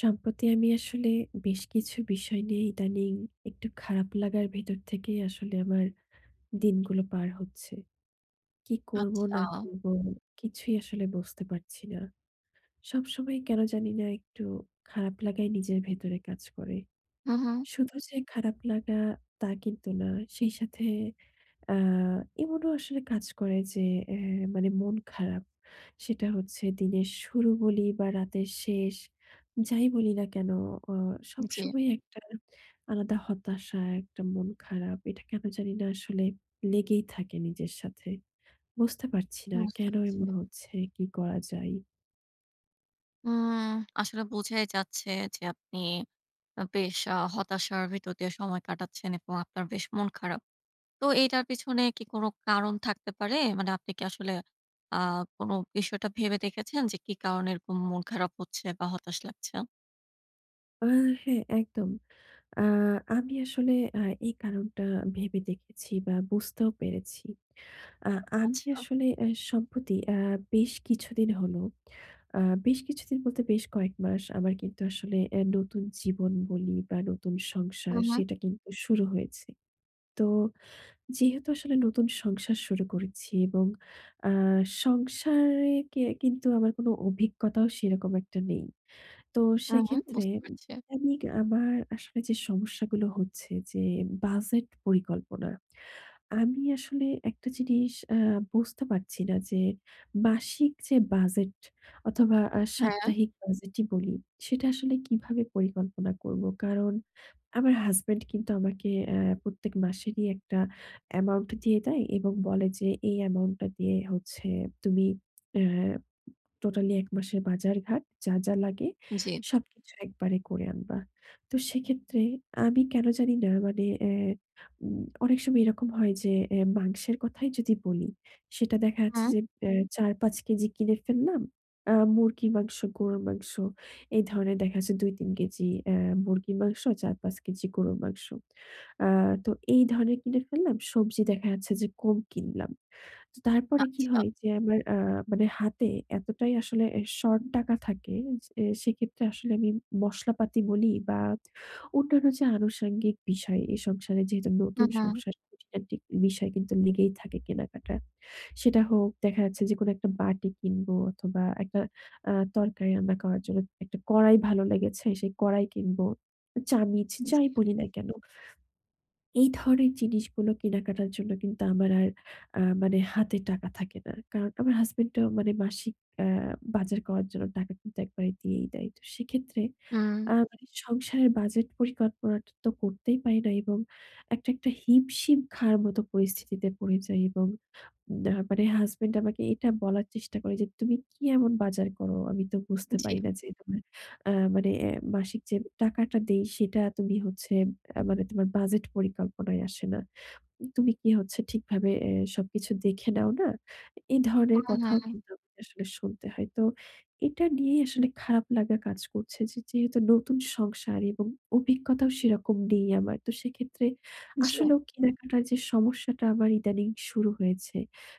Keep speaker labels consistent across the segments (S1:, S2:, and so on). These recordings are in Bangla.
S1: সম্প্রতি আমি আসলে বেশ কিছু বিষয় নিয়ে ইদানীং একটু খারাপ লাগার ভেতর থেকেই আসলে আমার দিনগুলো পার হচ্ছে। কী করব
S2: আচ্ছা।
S1: না করব, কিছুই আসলে বুঝতে পারছি না। সবসময় কেন জানি না একটু খারাপ লাগাই নিজের ভেতরে কাজ করে।
S2: হু, হুঁ।
S1: শুধু যে খারাপ লাগা তা কিন্তু না। সেই সাথে অ্যা এমনও আসলে কাজ করে যে অ্যা মানে মন খারাপ। সেটা হচ্ছে দিনের শুরু বলি বা রাতের শেষ যাই বলি না কেন, অ
S2: জি।
S1: সবসময় একটা আলাদা হতাশা, একটা মন খারাপ এটা কেন জানি না আসলে লেগেই থাকে নিজের সাথে। বুঝতে পারছি না
S2: বুঝতে
S1: কেন
S2: পারছি।
S1: এমন হচ্ছে, কী করা যায়?
S2: উম আসলে বোঝাই যাচ্ছে যে আপনি আ বেশ আ হতাশার ভিতর দিয়ে সময় কাটাচ্ছেন এবং আপনার বেশ মন খারাপ। তো এইটার পিছনে কি কোনো কারণ থাকতে পারে? মানে আপনি কি আসলে আ কোনো বিষয়টা ভেবে দেখেছেন যে কি কারণে এরকম মন খারাপ হচ্ছে বা হতাশ লাগছে?
S1: আ হ্যাঁ একদম। আ আমি আসলে আ এই কারণটা ভেবে দেখেছি বা বুঝতেও পেরেছি। আ আমি
S2: আচ্ছা।
S1: আসলে আ সম্প্রতি আ বেশ কিছুদিন হলো আ বেশ কিছুদিন বলতে বেশ কয়েক মাস আমার কিন্তু আসলে এ নতুন জীবন বলি বা নতুন
S2: হু,
S1: সংসার
S2: হু।
S1: সেটা কিন্তু শুরু হয়েছে। তো যেহেতু আসলে নতুন সংসার শুরু করেছি এবং আ সংসারে কে কিন্তু আমার কোনো অভিজ্ঞতাও সেরকম একটা নেই। তো
S2: হু, হু,
S1: সেক্ষেত্রে
S2: বুঝতে পারছি।
S1: দৈনিক আমার আসলে যে সমস্যাগুলো হচ্ছে যে বাজেট পরিকল্পনা। আমি আসলে একটা জিনিস আ বুঝতে পারছিনা যে মাসিক যে বাজেট অথবা আ
S2: হ্যাঁ।
S1: সাপ্তাহিক বাজেটই বলি, সেটা আসলে কিভাবে পরিকল্পনা করব। কারণ আমার হাসব্যান্ড কিন্তু আমাকে আ প্রত্যেক মাসেরই একটা অ্যামাউন্ট দিয়ে দেয়। এবং বলে যে এই অ্যামাউন্টটা দিয়ে হচ্ছে তুমি আ টোটালি এক মাসের বাজারঘাট যা, যা লাগে
S2: জ্বী।
S1: সবকিছু একবারে করে আনবা। তো সেক্ষেত্রে আমি কেন জানি না মানে এ্যা উম অনেক সময় এরকম হয় যে এ্যা মাংসের কথাই যদি বলি। সেটা দেখা যাচ্ছে
S2: হুম।
S1: যে এ্যা ৪-৫ কেজি কিনে ফেললাম। আ মুরগির মাংস, গরুর মাংস এই ধরণের দেখা যাচ্ছে ২-৩ কেজি এ্যা মুরগির মাংস, ৪-৫ কেজি গরুর মাংস। আ তো এই ধরণের কিনে ফেললাম সবজি দেখা যাচ্ছে যে কম কিনলাম। তো তারপরে কি
S2: আচ্ছা।
S1: হয় যে আমার আ মানে হাতে এতটাই আসলে এ শর্ট টাকা থাকে। যে সেক্ষেত্রে আসলে আমি মশলাপাতি বলি বা অন্যান্য যে আনুষঙ্গিক বিষয় এই সংসারে যেহেতু
S2: হু,
S1: নতুন
S2: হু।
S1: সংসার খুটিনাটি বিষয় কিন্তু লেগেই থাকে। কেনাকাটা সেটা হোক দেখা যাচ্ছে যে কোনো একটা বাটি কিনবো অথবা একটা আ তরকারি রান্না খাওয়ার জন্য একটা কড়াই ভালো লেগেছে সেই কড়াই কিনবো। চামিচ যাই
S2: জ্বী।
S1: বলি না কেন। এই ধরনের জিনিসগুলো কেনাকাটার জন্য কিন্তু আমার আর আ মানে হাতে টাকা থাকে না। কারণ আমার হাসব্যান্ড এর মানে মাসিক আ বাজার করার জন্য টাকা কিন্তু একবারে দিয়েই দেয়। তো সেক্ষেত্রে আ
S2: হুম।
S1: মানে সংসারের বাজেট পরিকল্পনাটা তো করতেই পারিনা এবং একটা, একটা হিমশিম খাওয়ার মতো পরিস্থিতিতে পড়ে যাই এবং না মানে হাসব্যান্ড আমাকে এটা বলার চেষ্টা করে যে, তুমি কি এমন বাজার করো আমি তো বুঝতে
S2: জ্বী।
S1: পারি না যে [unintelligible] আ মানে এ্যা মাসিক যে টাকাটা দেই সেটা তুমি হচ্ছে আ মানে তোমার বাজেট পরিকল্পনায় আসে না। তুমি কি হচ্ছে ঠিকভাবে এ সবকিছু দেখে নাও না? এই ধরনের
S2: হুম,
S1: কথাও
S2: হুম।
S1: কিন্তু আমাকে আসলে শুনতে হয়। তো এটা নিয়েই আসলে খারাপ লাগা কাজ করছে যে যেহেতু নতুন সংসার এবং অভিজ্ঞতাও সেরকম নেই আমার। তো সেক্ষেত্রে
S2: জ্বী।
S1: আসলেও কেনাকাটার যে সমস্যাটা আমার ইদানিং শুরু হয়েছে।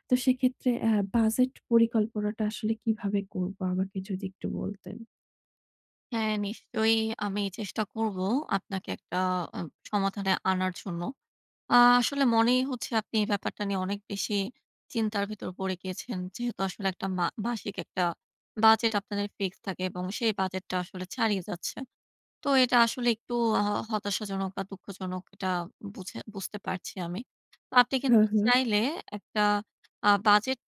S1: তো সেক্ষেত্রে আ বাজেট পরিকল্পনাটা আসলে কীভাবে করবো আমাকে যদি একটু বলতেন?
S2: হ্যাঁ, নিশ্চয়ই আমি চেষ্টা করব আপনাকে একটা আ সমাধানে আনার জন্য। আ আসলে মনেই হচ্ছে আপনি এই ব্যাপারটা নিয়ে অনেক বেশি চিন্তার ভেতর পড়ে গিয়েছেন। যেহেতু আসলে একটা মা মাসিক একটা বাজেট আপনাদের ফিক্স থাকে এবং সেই বাজেটটা আসলে ছাড়িয়ে যাচ্ছে। তো এটা আসলে একটু হ হতাশাজনক বা দুঃখজনক এটা বুঝে বুঝতে পারছি আমি। তো আপনি
S1: হুম,
S2: কিন্তু
S1: হুম।
S2: চাইলে একটা আ এ্যা উ বাজেট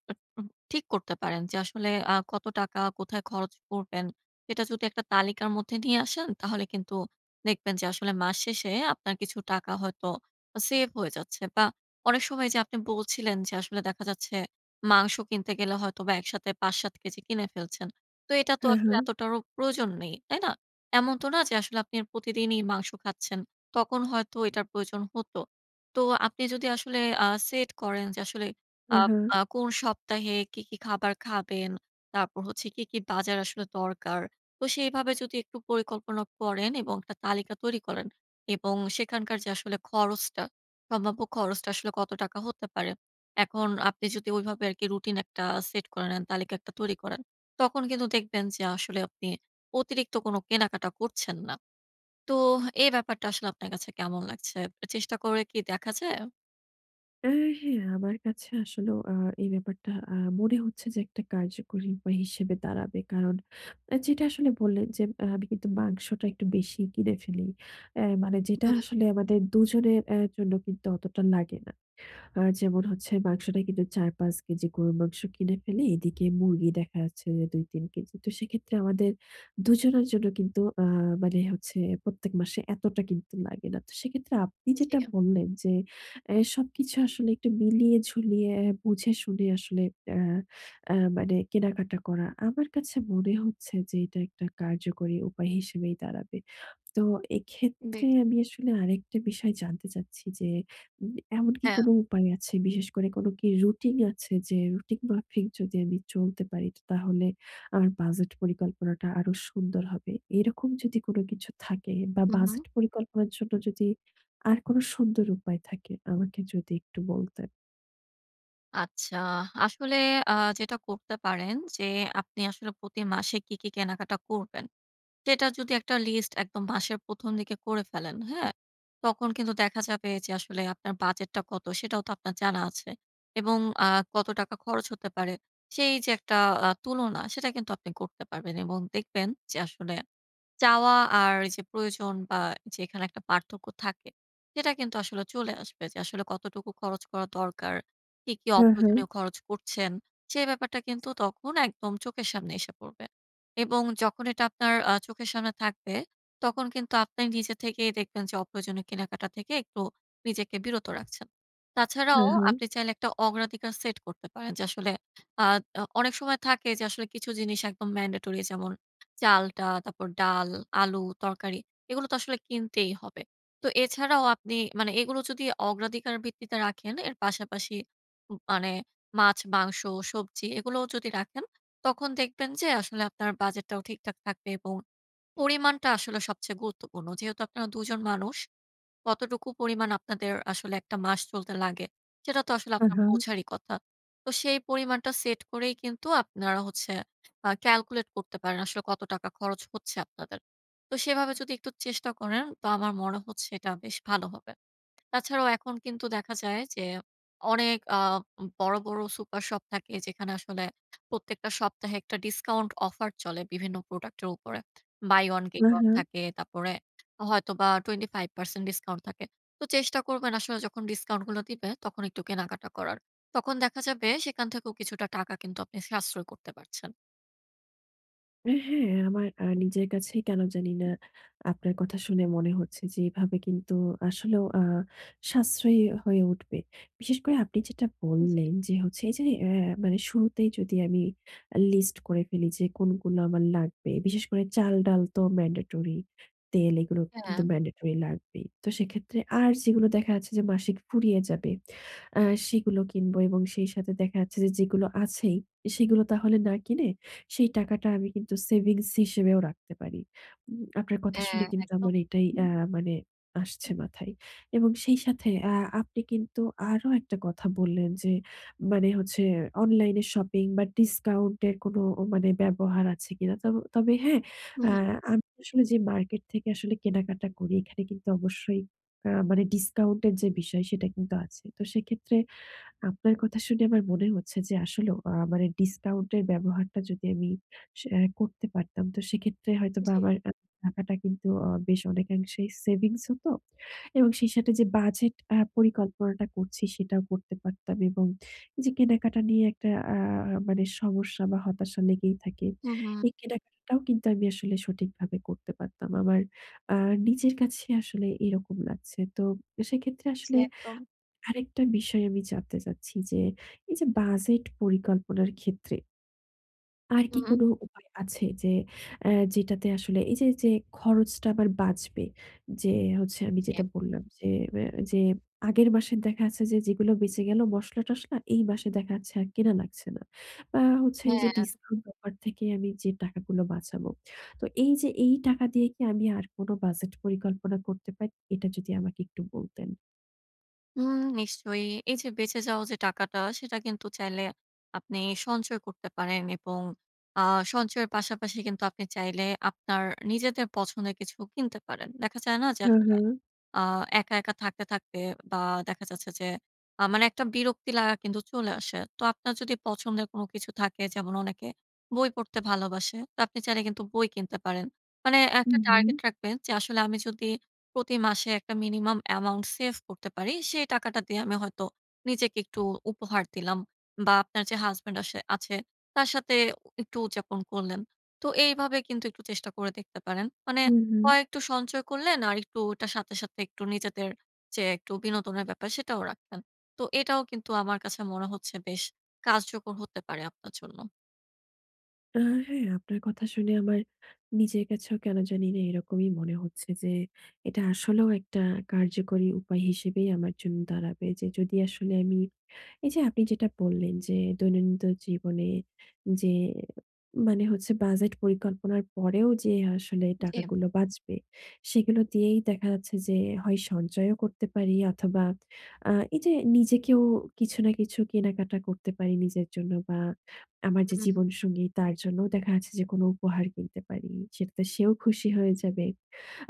S2: ঠিক করতে পারেন যে আসলে আ কত টাকা কোথায় খরচ করবেন। সেটা যদি একটা তালিকার মধ্যে নিয়ে আসেন তাহলে কিন্তু দেখবেন যে আসলে মাস শেষে আপনার কিছু টাকা হয়তো সেভ হয়ে যাচ্ছে। বা অনেক সময় এইযে আপনি বলছিলেন যে আসলে দেখা যাচ্ছে মাংস কিনতে গেলে হয়তো বা একসাথে ৫-৭ কেজি কিনে ফেলছেন। তো এটা তো
S1: হুম,
S2: আসলে
S1: হুম।
S2: এতটারও প্রয়োজন নেই। তাই না? এমন তো না যে আসলে আপনি প্রতিদিনই মাংস খাচ্ছেন। তখন হয়তো এটার প্রয়োজন হত। তো আপনি যদি আসলে আ সেট করেন যে আসলে
S1: উ
S2: আ
S1: হুম।
S2: আ কোন সপ্তাহে কি, কি খাবার খাবেন, তারপর হচ্ছে কি, কি বাজার আসলে দরকার। তো সেভাবে যদি একটু পরিকল্পনা করেন এবং একটা তালিকা তৈরি করেন। এবং সেখানকার যে আসলে খরচটা, সম্ভাব্য খরচটা আসলে কত টাকা হতে পারে। এখন আপনি যদি ঐভাবে আর কি রুটিন একটা সেট করে নেন তালিকা একটা তৈরি করেন, তখন কিন্তু দেখবেন যে আসলে আপনি অতিরিক্ত কোন কেনাকাটা করছেন না। তো এই ব্যাপারটা আসলে আপনার কাছে কেমন লাগছে? চেষ্টা করে কি দেখা যায়?
S1: আ হ্যাঁ আমার কাছে আসলেও আ এই ব্যাপারটা আ মনে হচ্ছে যে একটা কার্যকরী উপায় হিসেবে দাঁড়াবে। কারণ যেটা আসলে বললেন যে আ আমি কিন্তু মাংসটা একটু বেশি কিনে ফেলি। অ্যা মানে যেটা
S2: হুম।
S1: আসলে আমাদের দুজনের এ্যা জন্য কিন্তু অতটা লাগে না। আ যেমন হচ্ছে মাংসটা কিন্তু ৪-৫ কেজি গরুর মাংস কিনে ফেলি এদিকে মুরগি দেখা যাচ্ছে ২-৩ কেজি। তো সেক্ষেত্রে আমাদের দুজনের জন্য কিন্তু আ মানে হচ্ছে প্রত্যেক মাসে এতটা কিন্তু লাগে না। তো সেক্ষেত্রে আপনি যেটা
S2: জি।
S1: বললেন যে, অ্যা সবকিছু আসলে একটু মিলিয়ে ঝুলিয়ে বুঝে শুনে আসলে আ আ মানে কেনাকাটা করা আমার কাছে মনে হচ্ছে যে এটা একটা কার্যকরী উপায় হিসেবেই দাঁড়াবে। তো
S2: বে
S1: এক্ষেত্রে আমি আসলে আরেকটা বিষয় জানতে চাচ্ছি যে, উ এমন কি
S2: হ্যাঁ।
S1: কোনো উপায় আছে বিশেষ করে কোনো কি রুটিন আছে যে, রুটিন মাফিক যদি আমি চলতে পারি তাহলে আমার বাজেট পরিকল্পনাটা আরো সুন্দর হবে? এরকম যদি কোনো কিছু থাকে বা
S2: হু,
S1: বাজেট
S2: হু।
S1: পরিকল্পনার জন্য যদি আর কোনো সুন্দর উপায় থাকে আমাকে যদি একটু বলতেন?
S2: আচ্ছা। আসলে আ যেটা করতে পারেন যে আপনি আসলে প্রতি মাসে কী, কী, কেনাকাটা করবেন, সেটা যদি একটা লিস্ট একদম মাসের ১ম দিকে করে ফেলেন হ্যাঁ? তখন কিন্তু দেখা যাবে যে আসলে আপনার বাজেটটা কত সেটাও তো আপনার জানা আছে। এবং আ কত টাকা খরচ হতে পারে সেই যে একটা আ তুলনা সেটা কিন্তু আপনি করতে পারবেন এবং দেখবেন যে আসলে চাওয়া আর এইযে প্রয়োজন বা যেখানে একটা পার্থক্য থাকে, সেটা কিন্তু আসলে চলে আসবে যে আসলে কতটুকু খরচ করা দরকার, কি, কি,
S1: হুম, হুম।
S2: অপ্রয়োজনীয় খরচ করছেন, সে ব্যাপারটা কিন্তু তখন একদম চোখের সামনে এসে পড়বে। এবং যখন এটা আপনার আ চোখের সামনে থাকবে, তখন কিন্তু আপনে নিজে থেকেই দেখবেন যে অপ্রয়োজনীয় কেনাকাটা থেকে একটু নিজেকে বিরত রাখছেন। তাছাড়াও
S1: হুম, হুম।
S2: আপনি চাইলে একটা অগ্রাধিকার সেট করতে পারেন যে আসলে আ অ অনেক সময় থাকে যে আসলে কিছু জিনিস একদম ম্যান্ডেটরি যেমন চালটা, তারপর ডাল, আলু, তরকারি এগুলো তো আসলে কিনতেই হবে। তো এছাড়াও আপনি মানে এগুলো যদি অগ্রাধিকার ভিত্তিতে রাখেন এর পাশাপাশি উম মানে মাছ, মাংস, সবজি এগুলোও যদি রাখেন, তখন দেখবেন যে আসলে আপনার বাজেটটাও ঠিকঠাক থাকবে। এবং পরিমাণটা আসলে সবচেয়ে গুরুত্বপূর্ণ। যেহেতু আপনারা দুজন মানুষ। কতটুকু পরিমাণ আপনাদের আসলে একটটা মাস চলতে লাগে, সেটা তো আসলে
S1: উম
S2: আপনার
S1: হু।
S2: বুঝারই কথা। তো সেই পরিমাণটা সেট করেই কিন্তু আপনারা হচ্ছে আ ক্যালকুলেট করতে পারেন আসলে কত টাকা খরচ হচ্ছে আপনাদের। তো সেভাবে যদি একটু চেষ্টা করেন তো আমার মনে হচ্ছে এটা বেশ ভালো হবে। তাছাড়াও এখন কিন্তু দেখা যায় যে অনেক আ উম বড়, বড় সুপার শপ থাকে, যেখানে আসলে প্রত্যেকটা সপ্তাহে একটা ডিসকাউন্ট অফার চলে বিভিন্ন প্রোডাক্ট এর উপরে। Buy one
S1: um
S2: get one
S1: হুম।
S2: থাকে, তারপরে হয়তোবা 25% ডিসকাউন্ট থাকে। তো চেষ্টা করবেন আসলে যখন ডিসকাউন্ট গুলো দিবে তখন একটু কেনাকাটা করার। তখন দেখা যাবে সেখান থেকেও কিছুটা টাকা কিন্তু আপনি সাশ্রয় করতে পারছেন।
S1: এ হ্যাঁ আমার আ নিজের কাছেই কেন জানি না আপনার কথা শুনে মনে হচ্ছে যে এভাবে কিন্তু আসলেও আ সাশ্রয়ী হয়ে উঠবে। বিশেষ করে আপনি যেটা
S2: উ জি।
S1: বললেন যে হচ্ছে এই যে অ্যা মানে শুরুতেই যদি আমি অ্যা লিস্ট করে ফেলি যে কোনগুলো আমার লাগবে। বিশেষ করে চাল, ডাল তো mandatory, তেল এগুলো কিন্তু
S2: হ্যাঁ।
S1: mandatory লাগবেই। তো সেক্ষেত্রে আর যেগুলো দেখা যাচ্ছে যে মাসিক ফুরিয়ে যাবে, আ সেগুলো কিনব এবং সেই সাথে দেখা যাচ্ছে যে যেগুলো আছেই, এ সেগুলো তাহলে না কিনে সেই টাকাটা আমি কিন্তু সেভিংস হিসেবেও রাখতে পারি। উম আপনার কথা শুনে
S2: হ্যাঁ
S1: কিন্তু
S2: একদম।
S1: আমার এটাই অ্যা মানে আসছে মাথায়। এবং সেই সাথে আ আপনি কিন্তু আরও একটা কথা বললেন যে মানে হচ্ছে অনলাইনে্র শপিং বা ডিসকাউন্টের কোনো ও মানে ব্যবহার আছে কিনা? তব তবে হ্যাঁ
S2: হু,
S1: আ
S2: হু।
S1: আমি আসলে যে মার্কেট থেকে আসলে কেনাকাটা করি, এখানে কিন্তু অবশ্যই আ মানে ডিসকাউন্ট এর যে বিষয় সেটা কিন্তু আছে। তো সেক্ষেত্রে আপনার কথা শুনে আমার মনে হচ্ছে যে আসলেও আ মানে ডিসকাউন্টের ব্যবহারটা যদি আমি সে অ্যা করতে পারতাম, তো সেক্ষেত্রে হয়তোবা
S2: জী।
S1: আমার [unintelligible] টাকাটা কিন্তু অ বেশ অনেকাংশেই সেভিংস হতো। এবং সেই সাথে যে বাজেট আ পরিকল্পনাটা করছি, সেটাও করতে পারতাম। এবং এইযে কেনাকাটা নিয়ে একটা আ আ মানে সমস্যা বা হতাশা লেগেই থাকে,
S2: হু, হু।
S1: এই কেনাকাটাটাও কিন্তু আমি আসলে সঠিকভাবে করতে পারতাম। আমার আ নিজের কাছে আসলে এইরকম লাগছে। তো সেক্ষেত্রে
S2: জী
S1: আসলে
S2: একদম।
S1: আরেকটা বিষয় আমি জানতে চাচ্ছি যে এই যে বাজেট পরিকল্পনার ক্ষেত্রে আর কি
S2: হু।
S1: কোনো উপায় আছে যে অ্যা যেটাতে আসলে এই যে, যে খরচটা আমার বাঁচবে, যে হচ্ছে আমি
S2: জি।
S1: যেটা বললাম যে ম্যা যে আগের মাসের দেখা আছে যে যেগুলো বেঁচে গেলো মশলা-টশলা, এই মাসে দেখা যাচ্ছে আর কেনা লাগছে না। বা হচ্ছে এইযে
S2: হ্যাঁ।
S1: ডিসকাউন্ট অফার থেকে আমি যে টাকাগুলো বাঁচাবো, তো এইযে এই টাকা দিয়ে কি আমি আর কোনো বাজেট পরিকল্পনা করতে পারি? এটা যদি আমাকে একটু বলতেন?
S2: হুম নিশ্চয়ই। এই যে বেঁচে যাওয়া যে টাকাটা, সেটা কিন্তু চাইলে আপনি সঞ্চয় করতে পারেন। এবং আ সঞ্চয়ের পাশাপাশি কিন্তু আপনি চাইলে আপনার নিজেদের পছন্দের কিছু কিনতে পারেন। দেখা যায় না যে
S1: হুম,
S2: আসলে
S1: হুম।
S2: আ একা, একা থাকতে, থাকতে বা দেখা যাচ্ছে যে আ মানে একটা বিরক্তি লাগা কিন্তু চলে আসে। তো আপনার যদি পছন্দের কোনো কিছু থাকে যেমন অনেকে বই পড়তে ভালোবাসে, তো আপনি চাইলে কিন্তু বই কিনতে পারেন। মানে একটা
S1: হুম, হুম।
S2: টার্গেট রাখবেন যে আসলে আমি যদি প্রতি মাসে একটা minimum amount সেভ করতে পারি সেই টাকাটা দিয়ে আমি হয়তো নিজেকে একটু উপহার দিলাম। বা আপনার যে হাসব্যান্ড আসে আছে তার সাথে ও একটু উদযাপন করলেন। তো এইভাবে কিন্তু একটু চেষ্টা করে দেখতে পারেন। মানে
S1: হুম, হুম।
S2: কয়েকটু সঞ্চয় করলেন আর একটু এটার সাথে, সাথে একটু নিজেদের যে একটু বিনোদনের ব্যাপার সেটাও রাখছেন। তো এটাও কিন্তু আমার কাছে মনে হচ্ছে বেশ কার্যকর হতে পারে আপনার জন্য।
S1: আ হ্যাঁ আপনার কথা শুনে আমার নিজের কাছেও কেন জানিনা এরকমই মনে হচ্ছে যে এটা আসলেও একটা কার্যকরী উপায় হিসেবেই আমার জন্য দাঁড়াবে। যে যদি আসলে আমি, এই যে আপনি যেটা বললেন যে দৈনন্দিন জীবনে যে মানে হচ্ছে বাজেট পরিকল্পনার পরেও যে আসলে
S2: জি।
S1: টাকাগুলো বাঁচবে ,সেগুলো দিয়েই দেখা যাচ্ছে যে হয় সঞ্চয়ও করতে পারি অথবা আ এইযে নিজেকেও কিছু না কিছু কেনাকাটা করতে পারি নিজের জন্য বা আমার যে
S2: হুম।
S1: জীবনসঙ্গী তার জন্যও দেখা যাচ্ছে যে কোনো উপহার কিনতে পারি। সেটাতে সেও খুশি হয়ে যাবে,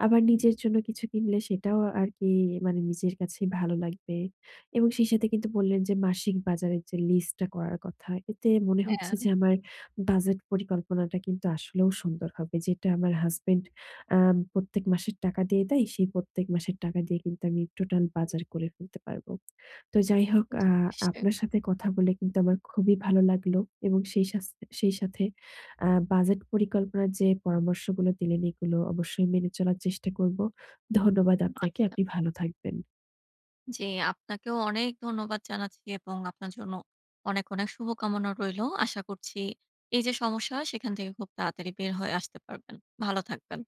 S1: আবার নিজের জন্য কিছু কিনলে সেটাও আরকি মানে নিজের কাছেই ভালো লাগবে। এবং সেই সাথে কিন্তু বললেন যে মাসিক বাজারের যে লিস্টটা করার কথা। এতে মনে হচ্ছে
S2: হ্যাঁ।
S1: যে আমার বাজেট পরিকল্পনাটা কিন্তু আসলেও সুন্দর হবে। যেটা আমার হাসব্যান্ড আ প্রত্যেক মাসের টাকা দিয়ে দেয়, সেই প্রত্যেক মাসের টাকা দিয়ে কিন্তু আমি টোটাল বাজার করে ফেলতে পারব। তো যাই হোক
S2: জি
S1: আ
S2: নিশ্চয়ই।
S1: আপনার সাথে কথা বলে কিন্তু আমার খুবই ভালো লাগলো এবং সেই সাস সেই সাথে বাজেট আ পরিকল্পনার যে পরামর্শগুলো দিলেন এগুলো অবশ্যই মেনে চলার চেষ্টা করব। ধন্যবাদ আপনাকে,
S2: আচ্ছা।
S1: আপনি ভালো থাকবেন।
S2: জী আপনাকেও অনেক ধন্যবাদ জানাচ্ছি এবং আপনার জন্য অনেক, অনেক শুভকামনা রইলো। আশা করছি এই যে সমস্যা, সেইখান থেকে খুব তাড়াতাড়ি বের হয়ে আসতে পারবেন। ভালো থাকবেন।